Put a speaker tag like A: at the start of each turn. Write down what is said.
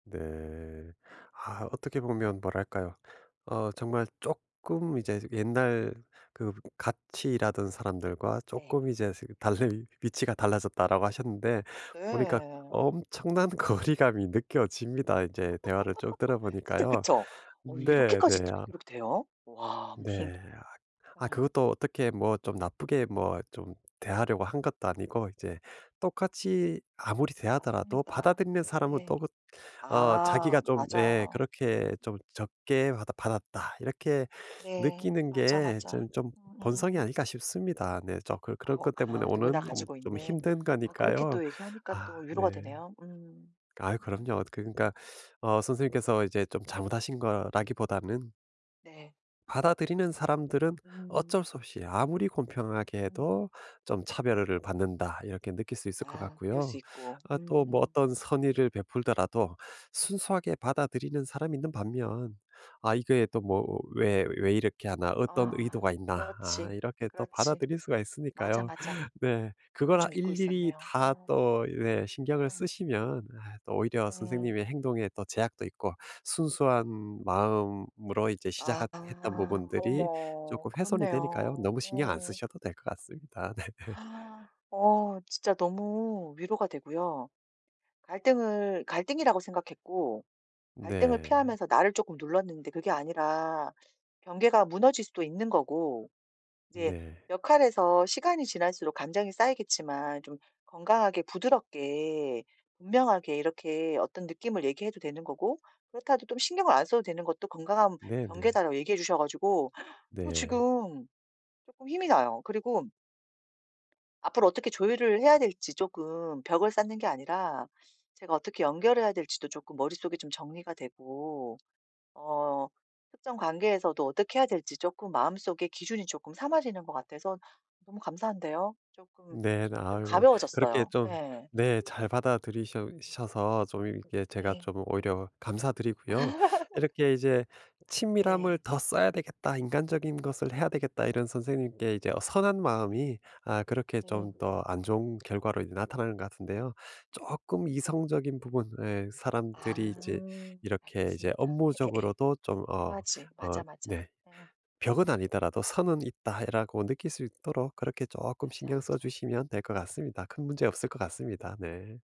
A: 네. 아 어떻게 보면 뭐랄까요. 어 정말 쪼끔 이제 옛날 그 같이 일하던 사람들과
B: 네.
A: "쪼끔 이제 스 달리 위치가 달라졌다."라고 하셨는데 보니까
B: 예.
A: 엄청난 거리감이 느껴집니다. 이제 대화를 쭉
B: 진짜
A: 들어보니까요.
B: 그쵸? 어
A: 네.
B: 이렇게까지
A: 네. 아
B: 이렇게 돼요? 와. 무슨
A: 네. 아
B: 예.
A: 아 그것도 어떻게 뭐 좀 나쁘게 뭐 좀 대하려고 한 것도 아니고 이제 똑같이 아무리 대하더라도
B: 맞습니다.
A: 받아들이는 사람은
B: 네.
A: 또 그 어
B: 아.
A: 자기가 좀 예
B: 맞아요.
A: 그렇게
B: 음.
A: 좀 '적게 받았 받았다.' 이렇게
B: 네.
A: 느끼는
B: 맞아,
A: 게
B: 맞아.
A: 전 좀 본성이
B: 음음음.
A: 아닐까 싶습니다. 네 좀 그런 그런
B: 아오.
A: 것 때문에
B: 아. 누구나
A: 오는 좀
B: 가지고
A: 좀
B: 있는.
A: 힘든
B: 아 그렇게
A: 거니까요.
B: 또 얘기하니까
A: 아
B: 또 위로가
A: 네.
B: 되네요. 음.
A: 아유
B: 음.
A: 그럼요. 그러니까 어 선생님께서 이제 좀 잘못하신 거라기보다는
B: 네.
A: 받아들이는 사람들은
B: 음.
A: 어쩔 수 없이 아무리 공평하게
B: 음.
A: 해도 좀 '차별을 받는다.' 이렇게 느낄 수 있을 것
B: 아. 그럴 수
A: 같고요.
B: 있고.
A: 아 또 뭐
B: 음음.
A: 어떤 선의를 베풀더라도 순수하게 받아들이는 사람이 있는 반면 '아 이거 또 뭐 왜 왜 이렇게 하나. 어떤
B: 아.
A: 의도가 있나.' 아
B: 그렇지.
A: 이렇게 또
B: 그렇지.
A: 받아들일 수가
B: 맞아,
A: 있으니까요.
B: 맞아.
A: 네.
B: 그걸
A: 그걸 아
B: 좀 잊고
A: 일일이
B: 있었네요.
A: 다
B: 어.
A: 또 네 신경을
B: 어.
A: 쓰시면 아 또 오히려
B: 네.
A: 선생님의 행동에 또 제약도 있고 순수한 마음으로 이제
B: 아.
A: 시작하 했던 부분들이
B: 어머.
A: 쪼끔 훼손이 되니까요.
B: 그렇네요.
A: 너무 신경 안
B: 어.
A: 쓰셔도 될 것 같습니다. 네.
B: 어. 진짜 너무 위로가 되고요. 갈등을 갈등이라고 생각했고 갈등을
A: 네.
B: 피하면서 나를 쪼끔 눌렀는데 그게 아니라 경계가 무너질 수도 있는 거고 이제
A: 네.
B: 역할에서 시간이 지날수록 감정이 쌓이겠지만 좀 건강하게 부드럽게 분명하게 이렇게 어떤 느낌을 얘기해도 되는 거고 그렇다고 또 좀 "신경을 안 써도 되는 것도 건강한
A: 네네.
B: 경계다."라고 얘기해 주셔 가지고 좀
A: 네.
B: 지금 쪼끔 힘이 나요. 그리고 앞으로 어떻게 조율을 해야 될지 쪼끔 벽을 쌓는 게 아니라 제가 어떻게 연결해야 될지도 쪼끔 머릿속에 좀 정리가 되고 어 특정 관계에서도 어떻게 해야 될지 쪼끔 마음속에 기준이 쪼끔 삼아지는 것 같아서 너무 감사한데요. 쪼끔
A: 네.
B: 좀
A: 아유 그렇게
B: 가벼워졌어요.
A: 좀
B: 예.
A: 네 잘 받아들이셔 셔서 좀 이렇게 제가
B: 네.
A: 좀 오히려 감사드리고요. 이렇게 이제 '친밀함을
B: 예.
A: 더 써야 되겠다. 인간적인 것을 해야 되겠다.' 이런 선생님께 이제 어 선한 마음이 아 그렇게
B: 네.
A: 좀 더 안 좋은 결과로 이제 나타나는 것 같은데요. 쪼끔 이성적인 부분에 사람들이 이제
B: 아.
A: 이렇게 이제
B: 알겠습니다. 예예예.
A: 업무적으로도 좀 어
B: 필요하지.
A: 어
B: 맞아, 맞아.
A: 네.
B: 예.
A: '벽은 아니더라도 선은 있다.'라고 느낄 수 있도록 그렇게 쪼끔
B: 맞아,
A: 신경 써
B: 맞아.
A: 주시면 될 것 같습니다. 큰 문제 없을 것 같습니다. 네.